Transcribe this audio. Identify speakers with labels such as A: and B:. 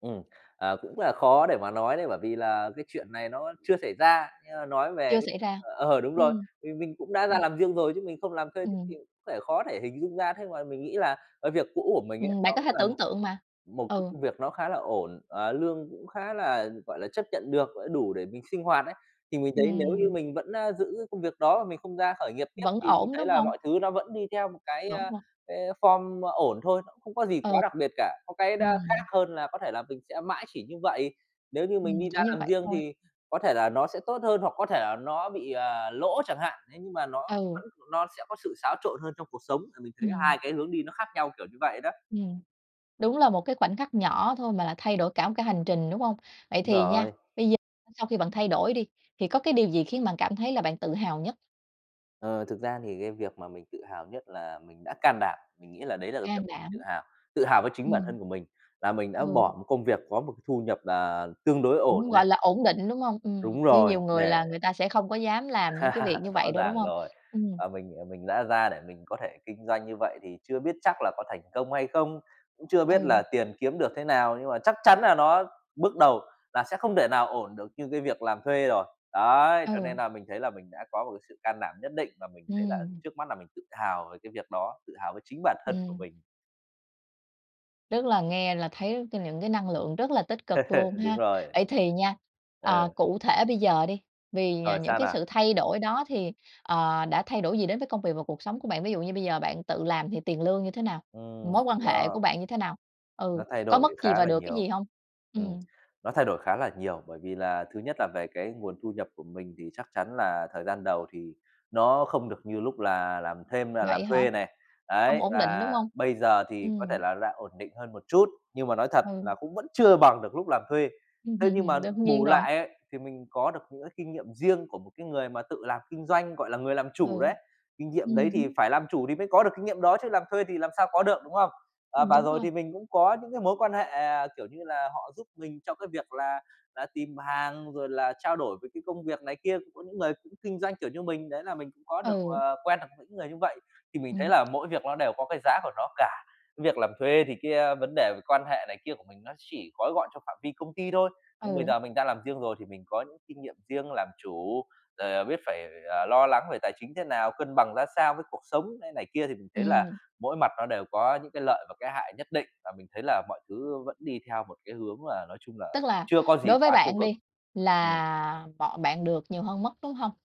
A: Ừm, à, cũng là khó để mà nói đấy bởi vì là cái chuyện này nó chưa xảy ra nhưng mà nói về
B: Chưa
A: cái
B: xảy ra.
A: ờ, đúng rồi,
B: Ừm.
A: thì mình cũng đã ra
B: Ừm.
A: làm riêng rồi chứ mình không làm thuê [unintelligible]
B: Ừm.
A: có thể khó thể hình dung ra thế mà mình nghĩ là, ờ, việc cũ của mình ấy
B: Ừm. bạn
A: nó
B: có
A: cũng
B: thể
A: là
B: tưởng
A: một
B: tượng mà,
A: một cái
B: ừ.
A: công việc nó khá là ổn, ờ, lương cũng khá là, gọi là, chấp nhận được gọi là đủ để mình sinh hoạt ấy, thì mình thấy nếu như
B: Ừm.
A: mình vẫn, a, giữ công việc đó và mình không ra khởi nghiệp tiếp
B: Vẫn
A: thì mình
B: ổn,
A: thấy
B: đúng
A: là
B: hông?
A: mọi thứ nó vẫn đi theo một cái, ơ, ờ,
B: [unintelligible]
A: cái form ổn thôi, nó cũng không có gì quá
B: Ừ,
A: đặc biệt cả, có cái nó khác
B: ừm.
A: hơn là có thể là mình sẽ mãi chỉ như vậy. Nếu như mình
B: Ừm,
A: đi
B: chỉ
A: ra
B: như
A: làm
B: vậy
A: riêng
B: thôi.
A: thì có thể là nó sẽ tốt hơn hoặc có thể là nó bị, à, lỗ chẳng hạn, thế nhưng mà nó
B: Ừ.
A: vẫn nó sẽ có sự xáo trộn hơn trong cuộc sống thì mình thấy
B: Ừm.
A: 2 cái hướng đi nó khác nhau, kiểu như vậy đó.
B: Ừm, đúng là một cái khoảnh khắc nhỏ thôi mà lại thay đổi cả một cái hành trình, đúng hông? Vậy
A: Đúng
B: thì nha,
A: rồi.
B: bây giờ sau khi bạn thay đổi đi, thì có cái điều gì khiến bạn cảm thấy là bạn tự hào nhất?
A: Ờ, thực ra thì cái việc mà mình tự hào nhất là mình đã can đảm, mình nghĩ là đấy là cái việc
B: Can
A: mình tự
B: đảm.
A: hào, tự hào với chính bản
B: Ừm.
A: thân của mình là mình đã
B: Ừ.
A: bỏ một công việc có một cái thu nhập là tương đối ổn
B: Cũng gọi
A: này.
B: là ổn định, đúng hông? Ừm,
A: Đúng
B: như
A: rồi,
B: nhiều người
A: để
B: là người ta sẽ không có dám làm những cái việc như
A: Rõ
B: vậy đâu, đúng
A: ràng
B: hông?
A: rồi,
B: Ừm.
A: ờ, mình, ờ, mình đã ra để mình có thể kinh doanh như vậy thì chưa biết chắc là có thành công hay không cũng chưa biết
B: Ừ.
A: là tiền kiếm được thế nào, nhưng mà chắc chắn là nó bước đầu là sẽ không thể nào ổn được như cái việc làm thuê rồi, đấy. Cho nên
B: Ừ.
A: là mình thấy là mình đã có một cái sự can đảm nhất định và mình thấy là
B: Ừm.
A: trước mắt là mình tự hào về cái việc đó, tự hào với chính bản thân của
B: Ừm.
A: mình.
B: Tức là nghe là thấy trên những cái năng lượng rất là tích cực luôn
A: Đúng
B: ha.
A: rồi.
B: Vậy thì nha,
A: Ờ.
B: ờ, cụ thể bây giờ đi vì, à,
A: Rồi,
B: những
A: sao
B: cái
A: nào?
B: sự thay đổi đó thì, ờ, đã thay đổi gì đến với công việc và cuộc sống của bạn, ví dụ như bây giờ bạn tự làm thì tiền lương như thế nào?
A: Ừm
B: Mối quan hệ của
A: [unintelligible]
B: bạn như thế nào? Ừ,
A: Nó thay
B: có
A: đổi
B: mất gì
A: khá
B: và
A: là
B: được cái
A: nhiều,
B: gì hông?
A: ừm,
B: Ừm.
A: nó thay đổi khá là nhiều bởi vì là, thứ nhất là về cái nguồn thu nhập của mình thì chắc chắn là thời gian đầu thì nó không được như lúc là làm thêm là làm
B: Vậy hả?
A: thuê này,
B: Hông
A: đấy,
B: ổn định, đúng
A: và
B: hông?
A: bây giờ thì có thể
B: Ừm.
A: là đã ổn định hơn một chút nhưng mà nói thật là
B: Ừ.
A: cũng vẫn chưa bằng được lúc làm thuê. Thế nhưng mà
B: Đương nhiên
A: bù
B: rồi.
A: lại ấy thì mình có được những cái kinh nghiệm riêng của một cái người mà tự làm kinh doanh, gọi là, người làm chủ
B: Ừ,
A: đấy, kinh nghiệm đấy
B: ừm
A: thì
B: hứm.
A: phải làm chủ thì mới có được kinh nghiệm đó chứ làm thuê thì làm sao có được, đúng không? Ờ,
B: Ừm,
A: và
B: đúng
A: rồi
B: rồi.
A: thì mình cũng có những cái mối quan hệ, à, kiểu như là, họ giúp mình trong cái việc là là tìm hàng rồi là trao đổi với cái công việc này kia. Cũng có những người cũng kinh doanh kiểu như mình đấy là mình cũng có được,
B: Ừ.
A: ờ, quen được những người như vậy. Thì mình thấy
B: Ừm.
A: là mỗi việc ló đều có cái giá của nó cả, việc làm thuê thì cái, a, vấn đề về quan hệ này kia của mình nó chỉ gói gọn cho phạm vi công ty thôi, nhưng bây
B: Ừ.
A: giờ mình đang làm riêng rồi thì mình có những kinh nghiệm riêng làm chủ, rồi, ờ, biết phải, à, lo lắng về tài chính thế nào, cân bằng ra sao với cuộc sống thế này kia thì mình thấy là
B: Ừm.
A: mỗi mặt nó đều có những cái lợi và cái hại nhất định và mình thấy là mọi thứ vẫn đi theo một cái hướng mà nói chung là
B: Tức là
A: chưa có gì
B: đối với
A: quá tiêu
B: bạn
A: cực.
B: đi
A: Ừm.
B: là bọn bạn được nhiều hơn mất, đúng hông?